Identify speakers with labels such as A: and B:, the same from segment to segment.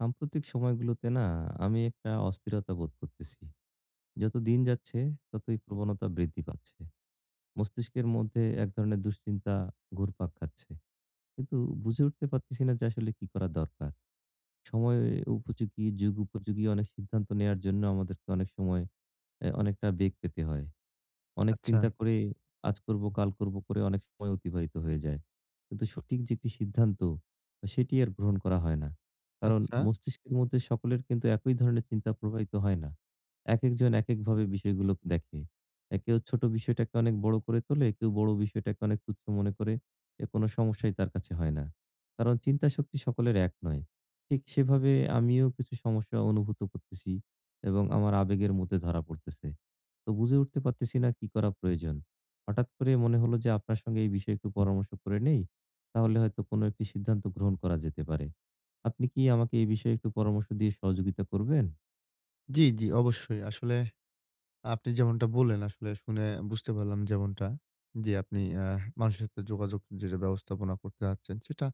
A: সাম্প্রতিক সময়গুলোতে না, আমি একটা অস্থিরতা বোধ করতেছি। যতো দিন যাচ্ছে, ততোই প্রবণতা বৃদ্ধি পাচ্ছে। মস্তিষ্কের মধ্যে এক ধরনের দুশ্চিন্তা, ঘুরপাক খাচ্ছে। কিন্তু বুঝে উঠতে পারতেছিনা যে আসলে কি করা দরকার। সময় উপযোগী, যুগ উপযোগী অনেক সিদ্ধান্ত নেওয়ার জন্য আমাদেরকে অনেক সময় অ্যা অনেকটা বেগ পেতে হয়। অনেক চিন্তা
B: আচ্ছা।
A: করে, আজ করবো, কাল করবো করে অনেক সময় অতিবাহিত হয়ে যায়। কিন্তু সঠিক যে একটি সিদ্ধান্ত, সেটি আর গ্রহণ করা হয় না। কারণ
B: আচ্ছা।
A: মস্তিষ্কের মধ্যে সকলের কিন্তু একই ধরনের চিন্তা প্রবাহিত হয় না। একেকজন একেক ভাবে বিষয়গুলো দেখে। এ কেউ ছোট বিষয়টাকে অনেক বড় করে তোলে, কেউ বড় বিষয়টাকে অনেক তুচ্ছ মনে করে, এ কোন সমস্যাই তার কাছে হয় না। কারণ চিন্তা শক্তি সকলের এক নয়। ঠিক সেভাবে আমিও কিছু সমস্যা অনুভূত করতেছি। এবং আমার আবেগের মধ্যে ধরা পড়তেছে। তো বুঝে উঠতে পারতেছি না কি করা প্রয়োজন। হঠাৎ করে মনে হলো যে আপনার সঙ্গে এই বিষয়ে একটু পরামর্শ করে নেই, তাহলে হয়তো কোনো একটি সিদ্ধান্ত গ্রহণ করা যেতে পারে। আপনি কি আমাকে এ বিষয়ে একটু পরামর্শ দিয়ে সহযোগিতা করবেন?
B: জি, জি অবশ্যই। আসলে, আপনি যেমনটা বললেন আসলে, শুনে বুঝতে পারলাম যেমনটা যে আপনি আ মানুষের সাথে যোগাযোগ যেটা ব্যবস্থাপনা করতে চাচ্ছেন, সেটা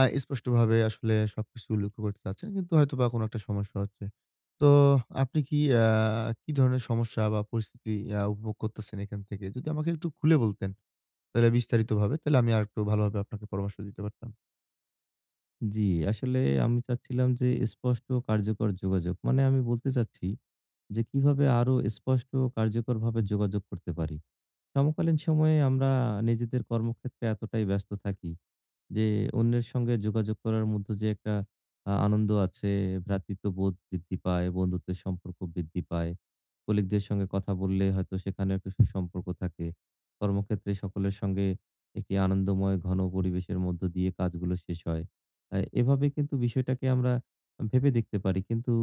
B: আ স্পষ্টভাবে আসলে সবকিছু উল্লেখ্য করতে চাচ্ছেন, কিন্তু হয়তো বা কোনো একটা সমস্যা হচ্ছে। তো আপনি কি আ কি ধরনের সমস্যা বা পরিস্থিতি আ উপভোগ করতেছেন এখান থেকে যদি আমাকে একটু খুলে বলতেন, তাহলে বিস্তারিতভাবে, তাহলে আমি আরেকটু ভালোভাবে আপনাকে পরামর্শ দিতে পারতাম।
A: জি, আসলে আমি চাচ্ছিলাম যে স্পষ্ট ও কার্যকর যোগাযোগ। মানে আমি বলতে চাচ্ছি, যে কিভাবে আরো স্পষ্ট ও কার্যকরভাবে যোগাযোগ করতে পারি? সমকালীন সময়ে আমরা নিজেদের কর্মক্ষেত্রে এতটাই ব্যস্ত থাকি, যে অন্যের সঙ্গে যোগাযোগ করার মধ্যে যে একটা আ আনন্দ আছে, ভ্রাতৃত্ববোধ বৃদ্ধি পায়, বন্ধুত্বের সম্পর্ক বৃদ্ধি পায়, colleague দের সঙ্গে কথা বললে হয়তো সেখানে কিছু সুসম্পর্ক থাকে। কর্মক্ষেত্রে সকলের সঙ্গে একটি আনন্দময় ঘন পরিবেশের মধ্য দিয়ে কাজগুলো শেষ হয়। অ্যা এভাবে কিন্তু বিষয়টাকে আমর ভেবে দেখতে পারি। কিন্তু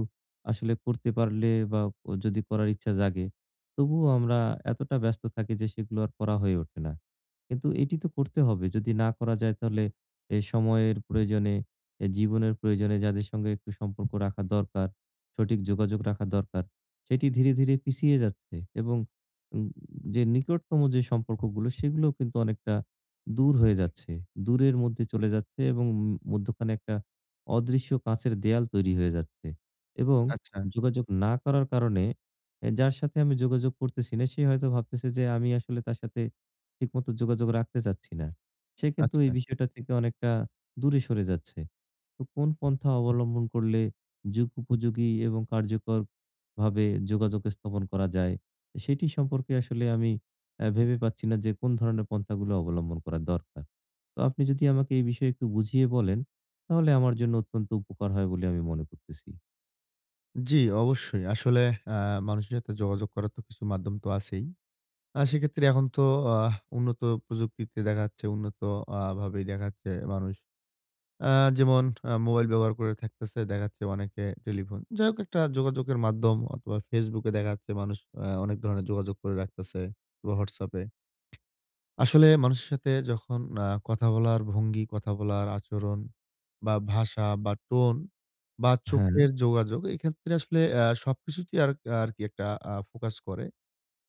A: আসলে করতে পারলে বা যদি করার ইচ্ছা জাগে তবুও আমরা এতটা ব্যস্ত থাকি যে সেগুলো আর করা হয়ে ওঠে না। কিন্তু এটি তো করতে হবে। যদি না করা যায় তাহলে, এই সময়ের প্রয়োজনে, জীবনের প্রয়োজনে যাদের সঙ্গে একটু সম্পর্ক রাখা দরকার, সঠিক যোগাযোগ রাখা দরকার, সেটি ধীরে, ধীরে পিছিয়ে যাচ্ছে। এবং যে নিকটতম যে সম্পর্কগুলো, সেগুলোও কিন্তু অনেকটা দূর হয়ে যাচ্ছে। দূরের মধ্যে চলে যাচ্ছে এবং উম মধ্যখানে একটা অদৃশ্য কাঁচের দেওয়াল তৈরি হয়ে যাচ্ছে। এবং
B: আচ্ছা।
A: যোগাযোগ না করার কারণে, এ যার সাথে আমি যোগাযোগ করতেছি না সে হয়তো ভাবতেছে যে আমি আসলে তার সাথে ঠিকমতো যোগাযোগ রাখতে চাচ্ছি না। সে কিন্তু এই
B: আচ্ছা।
A: বিষয়টা থেকে অনেকটা দূরে সরে যাচ্ছে। তো কোন পন্থা অবলম্বন করলে যুগোপযোগী এবং কার্যকরভাবে যোগাযোগ স্থাপন করা যায়, সেটি সম্পর্কে আসলে আমি অ্যা ভেবে পাচ্ছি না যে কোন ধরনের পন্থাগুলো অবলম্বন করা দরকার। তো আপনি যদি আমাকে এই বিষয়ে একটু বুঝিয়ে বলেন, তাহলে আমার জন্য অত্যন্ত উপকার হয় বলে আমি মনে করতেছি।
B: জি, অবশ্যই। আসলে আ মানুষের সাথে যোগাযোগ করার তো কিছু মাধ্যম তো আছেই। আর সেক্ষেত্রে এখন তো আহ উন্নত প্রযুক্তিতে দেখা যাচ্ছে, উন্নত আ ভাবেই দেখা যাচ্ছে মানুষ। আ যেমন আ মোবাইল ব্যবহার করে থাকতেছে দেখা যাচ্ছে অনেকে টেলিফোন যাই হোক একটা যোগাযোগের মাধ্যম অথবা Facebook এ দেখা যাচ্ছে মানুষ আ অনেক ধরনের যোগাযোগ করে রাখতেছে বা WhatsApp এ। আসলে মানুষের সাথে যখন আ কথা বলার ভঙ্গি, কথা বলার আচরণ বা ভাষা বা tone বা
A: হ্যাঁ।
B: চোখের যোগাযোগ এক্ষেত্রে আসলে আ সবকিছুতেই আর আরকি একটা আ ফোকাস করে।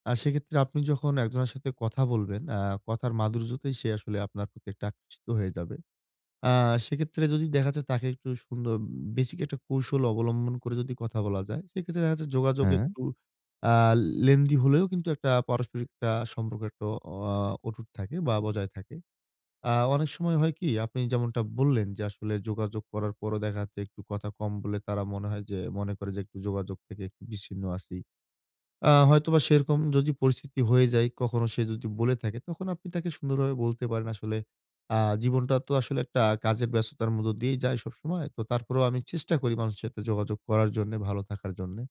B: আর সেক্ষেত্রে আপনি যখন একজনের সাথে কথা বলবেন, আ কথার মাধুর্যতেই সে আসলে আপনার প্রতি একটা আকর্ষিত হয়ে যাবে। আ সেক্ষেত্রে যদি দেখা যায় তাকে একটু সুন্দর basic একটা কৌশল অবলম্বন করে যদি কথা বলা যায়, সেক্ষেত্রে দেখা যাচ্ছে যোগাযোগ
A: হ্যাঁ।
B: একটু আ lengthy হলেও কিন্তু একটা পারস্পরিক আ সম্পর্ক একটা আ অটুট থাকে বা বজায় থাকে। আ অনেক সময় হয় কি? আপনি যেমনটা বললেন যে আসলে যোগাযোগ করার পরও দেখা যাচ্ছে একটু কথা কম বলে তারা মনে হয় যে, মনে করে যে একটু যোগাযোগ থেকে একটু বিচ্ছিন্ন আছি। আ হয়তোবা সেরকম যদি পরিস্থিতি হয়ে যায় কখনো সে যদি বলে থাকে তখন আপনি তাকে সুন্দরভাবে বলতে পারেন আসলে আ জীবনটা তো আসলে একটা কাজের ব্যস্ততার মধ্যে দিয়েই যায় সবসময়। তো তারপরেও আমি চেষ্টা করি মানুষের সাথে যোগাযোগ করার জন্যে, ভালো থাকার জন্যে।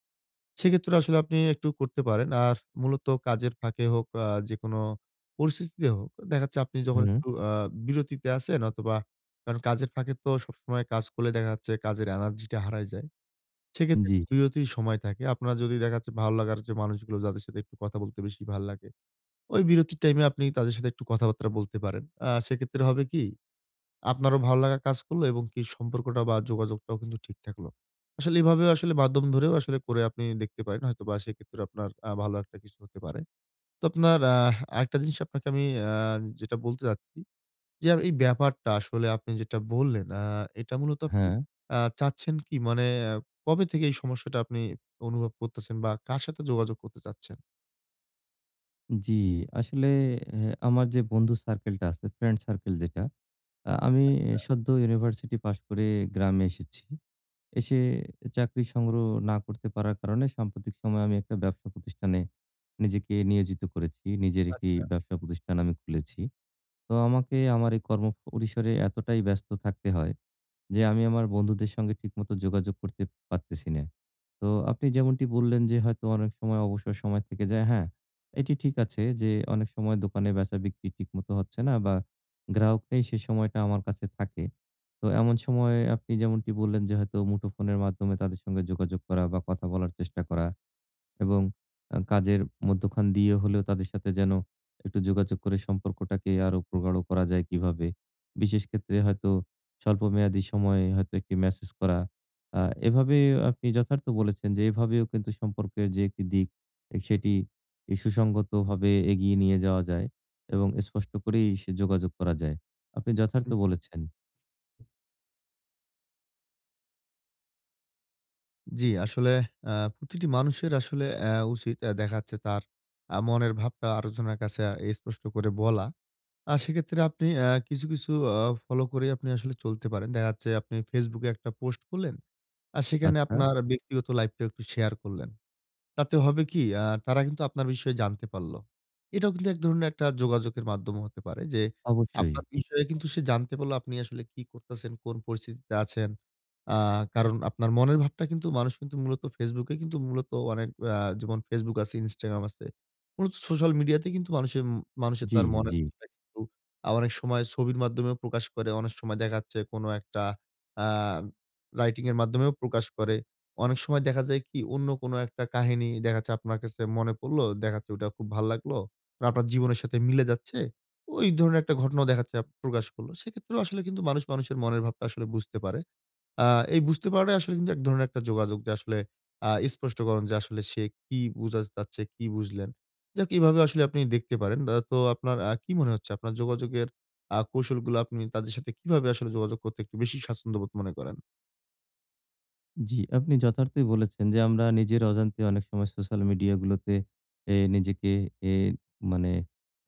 B: সেক্ষেত্রে আসলে আপনি একটু করতে পারেন। আর মূলত কাজের ফাঁকে হোক, আ যেকোনো পরিস্থিতিতে হোক দেখা যাচ্ছে আপনি যখন
A: হুম।
B: একটু আ বিরতিতে আছেন অথবা কারণ কাজের ফাঁকে তো সবসময় কাজ করলে দেখা যাচ্ছে কাজের এনার্জি টা হারায় যায়। সেক্ষেত্রে
A: জি।
B: বিরতির সময় থাকে। আপনার যদি দেখা যাচ্ছে ভালো লাগার যে মানুষগুলো যাদের সাথে একটু কথা বলতে বেশি ভাল্লাগে, ওই বিরতির টাইম এ আপনি তাদের সাথে একটু কথাবার্তা বলতে পারেন। আ সেক্ষেত্রে হবে কি? আপনারও ভালোলাগা কাজ করলো এবং কি সম্পর্কটা বা যোগাযোগটাও কিন্তু ঠিক থাকলো। আসলে এভাবে আসলে মাধ্যম ধরেও আসলে করে আপনি দেখতে পারেন হয়তো বা সেক্ষেত্রে আপনার আ ভালো একটা কিছু হতে পারে। তো আপনার আহ আরেকটা জিনিস আপনাকে আমি আ যেটা বলতে চাচ্ছি। যে এ এই ব্যাপারটা আসলে আপনি যেটা বললেন আ এটা মূলত আপনি
A: হ্যাঁ।
B: আ চাচ্ছেন কি? মানে আ কবে থেকে এই সমস্যাটা আপনি অনুভব করতেছেন বা কার সাথে যোগাযোগ করতে চাচ্ছেন?
A: জি, আসলে অ্যা আমার যে বন্ধু সার্কেলটা আছে, ফ্রেন্ড সার্কেল যেটা, আ আমি
B: আচ্ছা।
A: সদ্য University পাস করে গ্রামে এসেছি। এসে চাকরি সংগ্রহ না করতে পারার কারণে সাম্প্রতিক সময়ে আমি ১ টা ব্যবসা প্রতিষ্ঠানে নিজেকে নিয়োজিত করেছি। নিজের ১ টি
B: আচ্ছা।
A: ব্যবসা প্রতিষ্ঠান আমি খুলেছি। তো আমাকে আমার এই কর্ম পরিসরে এতটাই ব্যস্ত থাকতে হয়। যে আমি আমার বন্ধুদের সঙ্গে ঠিকমতো যোগাযোগ করতে পারতেছি না। তো আপনি যেমনটি বললেন যে হয়তো অনেক সময় অবসর সময় থেকে যায়, হ্যাঁ। এটি ঠিক আছে যে, অনেক সময় দোকানে বেচা-বিক্রি ঠিক মতো হচ্ছে না বা গ্রাহক নেই, সেই সময়টা আমার কাছে থাকে। তো এমন সময়ে আপনি যেমনটি বললেন যে, হয়তো মুঠোফোনের মাধ্যমে তাদের সঙ্গে যোগাযোগ করা বা কথা বলার চেষ্টা করা এবং আ কাজের মধ্যখান দিয়ে হলেও তাদের সাথে যেন একটু যোগাযোগ করে সম্পর্কটাকে আরো প্রগাঢ় করা যায় কীভাবে? বিশেষ ক্ষেত্রে হয়তো স্বল্প মেয়াদী সময়ে হয়তো ১ টি Message করা, আ এভাবে আপনি যথার্থ বলেছেন যে, এভাবেও কিন্তু সম্পর্কের যে ১ টি দিক, সেটি এ সুসংগতভাবে এগিয়ে নিয়ে যাওয়া যায় এবং স্পষ্ট করেই সে যোগাযোগ করা যায়। আপনি যথার্থ
B: হুম।
A: বলেছেন।
B: জি, আসলে আ প্রতিটি মানুষের আসলে অ্যা উচিত এ দেখা যাচ্ছে তার আ মনের ভাবটা আরেকজনের কাছে এ স্পষ্ট করে বলা। আ সেক্ষেত্রে আপনি অ্যা কিছু, কিছু অ ফলো করেই আপনি আসলে চলতে পারেন। দেখা যাচ্ছে আপনি Facebook এ একটা পোস্ট করলেন। আর সেখানে
A: আচ্ছা।
B: আপনার ব্যক্তিগত লাইফটাও একটু শেয়ার করলেন। তাতে হবে কী? আ তারা কিন্তু আপনার বিষয়ে জানতে পারলো। এটাও কিন্তু ১ ধরনের একটা যোগাযোগের মাধ্যমও হতে পারে। যে,
A: অবশ্যই।
B: আপনার বিষয়ে কিন্তু সে জানতে পারলো আপনি আসলে কি করতেছেন, কোন পরিস্থিতিতে আছেন? আ কারণ আপনার মনের ভাবটা কিন্তু মানুষ কিন্তু মূলত Facebook এই কিন্তু মূলত অনেক আ যেমন Facebook আছে, Instagram আছে। মূলত সোশ্যাল মিডিয়া তে কিন্তু মানুষে উম মানুষের
A: জি,
B: তার মনের
A: জি।
B: ভাবটা কিন্তু আ অনেক সময় ছবির মাধ্যমেও প্রকাশ করে। অনেক সময় দেখা যাচ্ছে কোন একটা আ রাইটিং এর মাধ্যমেও প্রকাশ করে। অনেক সময় দেখা যায় কি? অন্য কোন একটা কাহিনী দেখা যাচ্ছে আপনার কাছে মনে পড়লো, দেখা যাচ্ছে ওটা খুব ভাল লাগলো। মার আপনার জীবনের সাথে মিলে যাচ্ছে। ঐ ধরনের একটা ঘটনাও দেখা যাচ্ছে প্রকাশ করল। সেক্ষেত্রেও আসলে কিন্তু মানুষ মানুষের মনের ভাবটা আসলে বুঝতে পারে। আ এই বুঝতে পারাটাই আসলে কিন্তু ১ ধরনের একটা যোগাযোগ। যে আসলে আ স্পষ্টকরণ যে আসলে সে কি বুঝাত চাচ্ছে? কি বুঝলেন? যাক এভাবে আসলে আপনি দেখতে পারেন। দা তো আপনার আ কি মনে হচ্ছে আপনার যোগাযোগের আ কৌশলগুলো আপনি তাদের সাথে কিভাবে আসলে যোগাযোগ করতে একটু বেশি স্বাচ্ছন্দ্যবোধ মনে করেন?
A: জি, আপনি যথার্থই বলেছেন যে আমরা নিজের অজান্তে অনেক সময় সোশ্যাল মিডিয়া গুলোতে এ নিজেকে এ মানে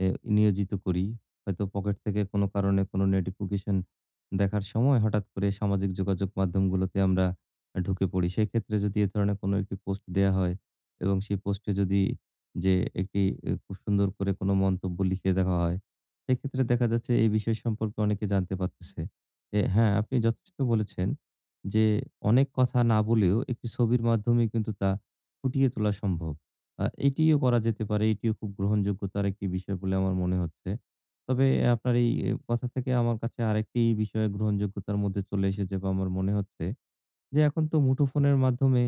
A: এ নিয়োজিত করি। হয়তো পকেট থেকে কোন কারণে কোন নোটিফিকেশন দেখার সময় হঠাৎ করে সামাজিক যোগাযোগ মাধ্যমগুলোতে আমরা আ ঢুকে পড়ি। সেক্ষেত্রে যদি এ ধরনের কোনো একটি পোস্ট দেয়া হয়। এবং সেই পোস্টে যদি যে একটি এ খুব সুন্দর করে কোন মন্তব্য লিখে দেওয়া হয়, সেক্ষেত্রে দেখা যাচ্ছে এই বিষয় সম্পর্কে অনেকে জানতে পারতেছে। যে হ্যাঁ আপনি যথেষ্ট বলেছেন। যে অনেক কথা না বলেও একটি ছবির মাধ্যমেই কিন্তু তা ফুটিয়ে তোলা সম্ভব। আ এটিও করা যেতে পারে। এটিও খুব গ্রহণযোগ্যতার একটি বিষয় বলে আমার মনে হচ্ছে। তবে এ আপনার এই কথা থেকে আমার কাছে আরেকটি বিষয় গ্রহণযোগ্যতার মধ্যে চলে এসেছে বা আমার মনে হচ্ছে। যে এখন তো মুঠোফোনের মাধ্যমে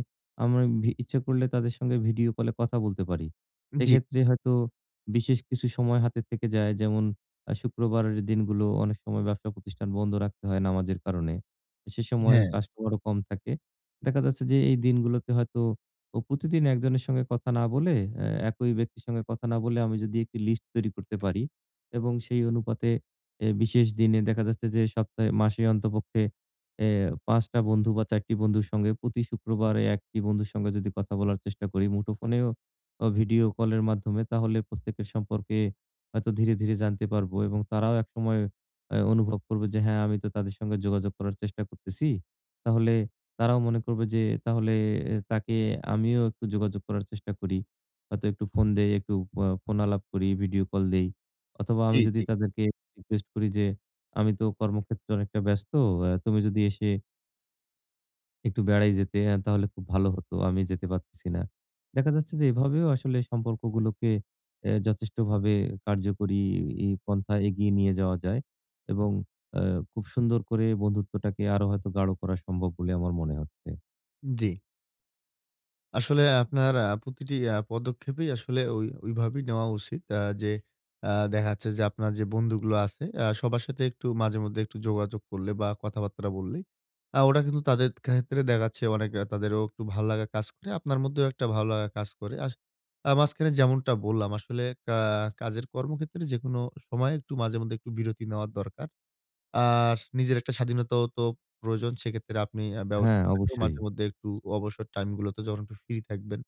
A: আমরা ভি ইচ্ছা করলে তাদের সঙ্গে ভিডিও কলে কথা বলতে পারি।
B: জি।
A: এক্ষেত্রে হয়তো বিশেষ কিছু সময় হাতে থেকে যায়। যেমন আ শুক্রবার এর দিনগুলো অনেক সময় ব্যবসা প্রতিষ্ঠান বন্ধ রাখতে হয় নামাজের কারণে। সে সময়
B: হ্যাঁ।
A: কাস্টমার ও কম থাকে। দেখা যাচ্ছে যে এই দিনগুলোতে হয়তো প প্রতিদিন ১ জনের সঙ্গে কথা না বলে অ্যা একই ব্যক্তির সঙ্গে কথা না বলে আমি যদি একটা লিস্ট তৈরি করতে পারি এবং সেই অনুপাতে এ বিশেষ দিনে দেখা যাচ্ছে যে সপ্তাহে মাসে অন্ততপক্ষে এ ৫ টা বন্ধু বা ৪ টি বন্ধুর সঙ্গে প্রতি শুক্রবারে ১ টি বন্ধুর সঙ্গে যদি কথা বলার চেষ্টা করি মুঠোফোনেও অ ভিডিও কলের মাধ্যমে তাহলে, প্রত্যেকের সম্পর্কে হয়তো ধীরে, ধীরে জানতে পারবো। এবং তারাও একসময় আ অনুভব করবে যে, হ্যাঁ আমি তো তাদের সঙ্গে যোগাযোগ করার চেষ্টা করতেছি। তাহলে তারাও মনে করবে যে, "তাহলে এ তাকে আমিও একটু যোগাযোগ করার চেষ্টা করি। হয়তো একটু ফোন দেই, একটু এ ফ ফোন আলাপ করি, ভিডিও কল দেই" অথবা
B: জি,
A: আমি যদি
B: জি।
A: তাদেরকে রিকুয়েষ্ট করি যে আমি তো কর্মক্ষেত্রে অনেকটা ব্যস্ত। অ্যা তুমি যদি এসে একটু বেড়াই যেতে অ্যা তাহলে খুব ভালো হতো। আমি যেতে পারতেসি না। দেখা যাচ্ছে যে এভাবেও আসলে সম্পর্কগুলোকে অ্যা যথেষ্টভাবে কার্যকরী ই পন্থায় এগিয়ে নিয়ে যাওয়া যায় এবং অ্যা খুব সুন্দর করে বন্ধুত্বটাকে আরো হয়তো গাঢ় করা সম্ভব বলে আমার মনে হচ্ছে।
B: জি। আসলে আপনার আ প্রতিটি অ্যা পদক্ষেপেই আসলে ওই ওইভাবেই নেওয়া উচিত। অ্যা যে অ্যা দেখাচ্ছে যে আপনার যে বন্ধুগুলো আছে, অ্যা সবার সাথে একটু মাঝে মধ্যে একটু যোগাযোগ করলে বা কথাবাত্রা বললেই, অ্যা ওটা কিন্তু তাদের ক্ষেত্রে দেখা যাচ্ছে অনেক তাদেরও একটু ভালো লাগা কাজ করে। আপনার মধ্যেও একটা ভালো লাগা কাজ করে আসে। আ মাঝখানে যেমনটা বললাম আসলে কা কাজের কর্মক্ষেত্রে যেকোনো সময়ে একটু মাঝে মধ্যে একটু বিরতি নেওয়ার দরকার। আর নিজের একটা স্বাধীনতাও তো প্রয়োজন। সেই ক্ষেত্রে আপনি অ্যা ব্যবসা
A: হ্যাঁ,
B: থেকেও মাঝে
A: অবশ্যই।
B: মধ্যে একটু অবসর টাইমগুলোতে যখন একটু ফ্রি থাকবেন।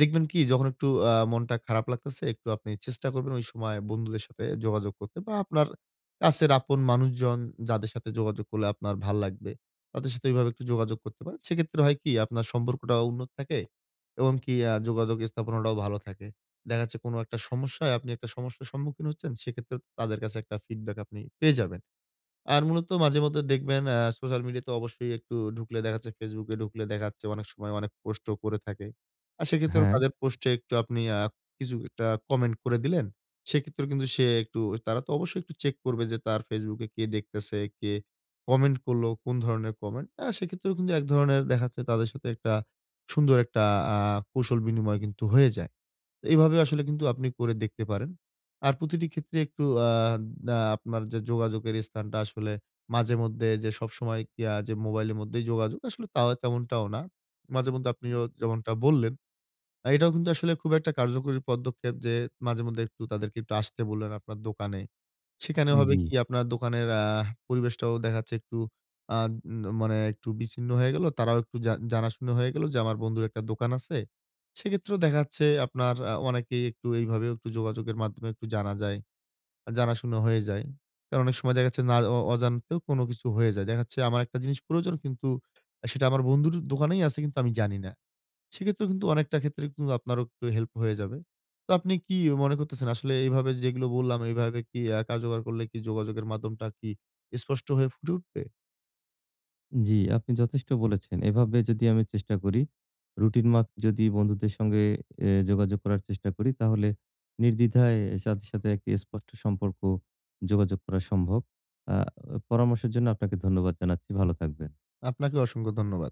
B: দেখবেন কি যখন একটু আ মনটা খারাপ লাগতেসে, একটু আপনি চেষ্টা করবেন ওই সময়ে বন্ধুদের সাথে যোগাযোগ করতে বা আপনার কাছের আপন মানুষজন, যাদের সাথে যোগাযোগ করলে আপনার ভাল্লাগবে, তাদের সাথে ওইভাবে একটু যোগাযোগ করতে পারেন। সেই ক্ষেত্রে হয় কি, আপনার সম্পর্কটা উন্নত থাকে এবং কি আ যোগাযোগ স্থাপনাটাও ভালো থাকে। দেখা যাচ্ছে কোনো একটা সমস্যায় আপনি একটা সমস্যার সম্মুখীন হচ্ছেন, সেই ক্ষেত্রেও তাদের কাছে একটা feedback আপনি পেয়ে যাবেন। আর মূলত মাঝে মধ্যে দেখবেন অ্যা সোশ্যাল মিডিয়াতে অবশ্যই একটু ঢুকলে দেখা যাচ্ছে, Facebook ঢুকলে দেখা যাচ্ছে অনেক সময় অনেক পোস্টও করে থাকে। আর সেই ক্ষেত্রেও
A: হ্যাঁ।
B: তাদের পোস্টে একটু আপনি অ্যা কিছু একটা কমেন্ট করে দিলেন। সেই ক্ষেত্রেও কিন্তু সে একটু তারা তো অবশ্যই একটু চেক করবে যে তার Facebook এ কে দেখতেসে, কে comment করল, কোন ধরনের comment? অ্যা সেই ক্ষেত্রেও কিন্তু এক ধরনের দেখা যাচ্ছে তাদের সাথে একটা সুন্দর একটা অ্যা কুশল বিনিময় কিন্তু হয়ে যায়। এইভাবে আসলে কিন্তু আপনি করে দেখতে পারেন। আর প্রতিটি ক্ষেত্রে একটু অ্যা অ্যা আপনার যে যোগাযোগের স্থানটা আসলে মাঝে মধ্যে যে সবসময় কি আ যে মোবাইলের মধ্যেই যোগাযোগ আসলে তাও তেমনটাও না। মাঝে মধ্যে আপনিও যেমনটা বললেন, এটাও কিন্তু আসলে খুব একটা কার্যকরী পদক্ষেপ যে মাঝে মধ্যে একটু তাদেরকে একটু আসতে বললেন আপনার দোকানে। সেখানে হবে
A: জি।
B: কী, আপনার দোকানের আহ পরিবেশটাও দেখা যাচ্ছে একটু আদ মানে একটু বিচ্ছিন্ন হয়ে গেল, তারাও একটু জা জানাশুনা হয়ে গেলো যে আমার বন্ধুর একটা দোকান আছে। সেই ক্ষেত্রেও দেখা যাচ্ছে আপনার আ অনেকেই একটু এইভাবেও একটু যোগাযোগের মাধ্যমে একটু জানা যায়। আ জানাশুনা হয়ে যায় কারণ অনেক সময় দেখা যাচ্ছে না অ অজান্তেও কোনো কিছু হয়ে যায়। দেখা যাচ্ছে আমার একটা জিনিস প্রয়োজন কিন্তু আ সেটা আমার বন্ধুর দোকানেই আছে কিন্তু আমি জানি না। সেই ক্ষেত্রে কিন্তু অনেকটা ক্ষেত্রে কিন্তু আপনারও একটু help হয়ে যাবে। তো আপনি কি মনে করতেসেন আসলে এইভাবে যেগুলো বললাম, এইভাবে কি আ কার্যকর করলে কি যোগাযোগের মাধ্যমটা কি স্পষ্ট হয়ে ফুটে উঠবে?
A: জি, আপনি যথেষ্ট বলেছেন। এভাবে যদি আমি চেষ্টা করি, রুটিন মাপ যদি বন্ধুদের সঙ্গে এ যোগাযোগ করার চেষ্টা করি, তাহলে নির্দ্বিধায় সাথে সাথে একটি স্পষ্ট সম্পর্ক যোগাযোগ করা সম্ভব। আ অ পরামর্শের জন্য আপনাকে ধন্যবাদ জানাচ্ছি। ভালো থাকবেন।
B: আপনাকেও অসংখ্য ধন্যবাদ।